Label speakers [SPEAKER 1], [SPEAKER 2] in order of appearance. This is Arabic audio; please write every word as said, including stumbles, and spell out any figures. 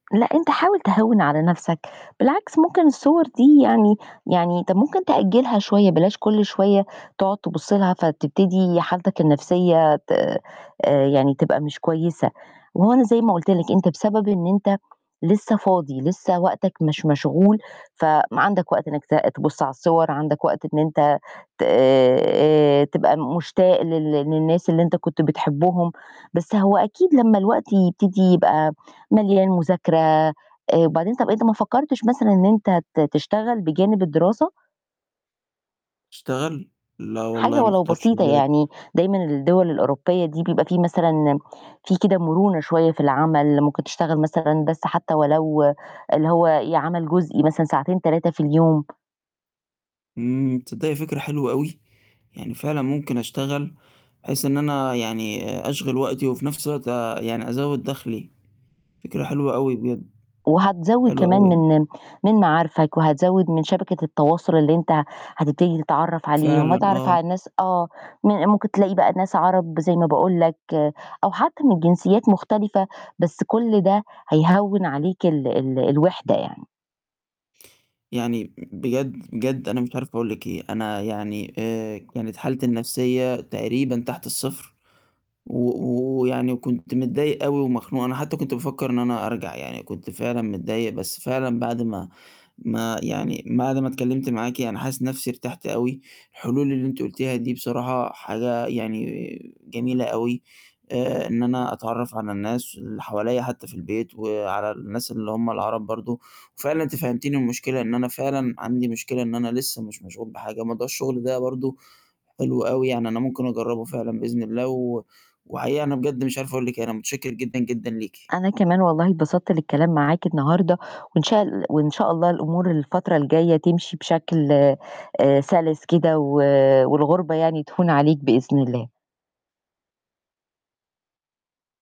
[SPEAKER 1] لأ أنت حاول تهوِّن على نَفسك، بالعكس ممكن الصور دي يعني يعني أنت ممكن تأجلها شوية بلاش كُل شوية تقعد تبُص لها فتبتدي حالتك النفسية ت آآ يعني تبقى مش كويسة وأهو أنا زي ما قُلت لك أنت بسبب إن أنت لسه فاضي، لسه وقتك مش مشغول فعندك وقت إنك ت تبُص على الصور، عندك وقت إن أنت ت آآ آآ تبقى مشتاق لل للناس اللي أنت كنت بتحبهم، بس هو أكيد لمّا الوقت يبتدي يبقى مليان مذاكرة، آآ وبعدين طب أنت ما فكرتش مثلًا إن أنت ت تشتغل بجانب الدراسة؟
[SPEAKER 2] اشتغل؟ لا
[SPEAKER 1] حاجة
[SPEAKER 2] والله ما
[SPEAKER 1] ولو
[SPEAKER 2] خطرش في
[SPEAKER 1] بسيطة
[SPEAKER 2] بالي.
[SPEAKER 1] يعني دايمًا الدول الأوروبية دي بيبقى في مثلًا، في كده مرونة شوية في العمل ممكن تشتغل مثلًا بس حتى ولو اللي هو ي عمل جزئي مثلًا ساعتين، تلاتة في اليوم.
[SPEAKER 2] آمم، تصدقي فكرة حلوة أوي، يعني فعلًا ممكن أشتغل بحيث إن أنا يعني أشغل وقتي وفي نَفس الوقت يعني أزود دخلي، فكرة حلوة أوي بجد.
[SPEAKER 1] وهتزوِّد
[SPEAKER 2] حلو
[SPEAKER 1] كمان
[SPEAKER 2] أوي.
[SPEAKER 1] من من معارفك وهتزوِّد من شبكة التواصل اللي أنت هتبتدي تتعرف عليهم،
[SPEAKER 2] فعلًا
[SPEAKER 1] وهتتعرف
[SPEAKER 2] آه.
[SPEAKER 1] على الناس آه م ممكن تلاقي بقى ناس عرب زي ما باقول لك أو حتى من جنسيات مختلفة بس كُل ده هيهوِّن عليك ال ال الوِحدة يعني.
[SPEAKER 2] يعني بجد، بجد أنا مش عارف أقول لِك إيه، أنا يعني آآ كانت حالتي النفسية تقريبًا تحت الصفر و و ويعني كنت متضايق أوي ومخنوق. أنا حتى كنت بافكر إن أنا أرجع يعني كنت فعلًا متضايق بس فعلًا بعد ما ما يعني بعد ما اتكلمت معاكِ أنا حاسس نَفسي ارتحت أوي، الحلول اللي أنتِ قُلتيها دي بصراحة حاجة يعني جميلة أوي. آآ إن أنا أتعرّف على الناس اللي حواليَّ حتى في البيت وعلى الناس اللي هُم العرب برضو وفعلًا أنتِ فهمتيني المشكلة إن أنا فعلًا عندي مشكلة إن أنا لسه مش مشغول بحاجة. موضوع الشغل ده برضه حلو أوي يعني أنا ممكن أجرّبه فعلًا بإذن الله و وحقيقي أنا بجد مش عارف أقول لِك إيه، أنا متشكر جدًا جدًا ليكِ.
[SPEAKER 1] أنا كمان والله اتبسطت للكلام معاك النهاردة، وإن شاء ال وإن شاء الله الأمور الفترة الجاية تمشي بشكل آآ سَلِس كده و والغربة يعني تهون عليك بإذن الله.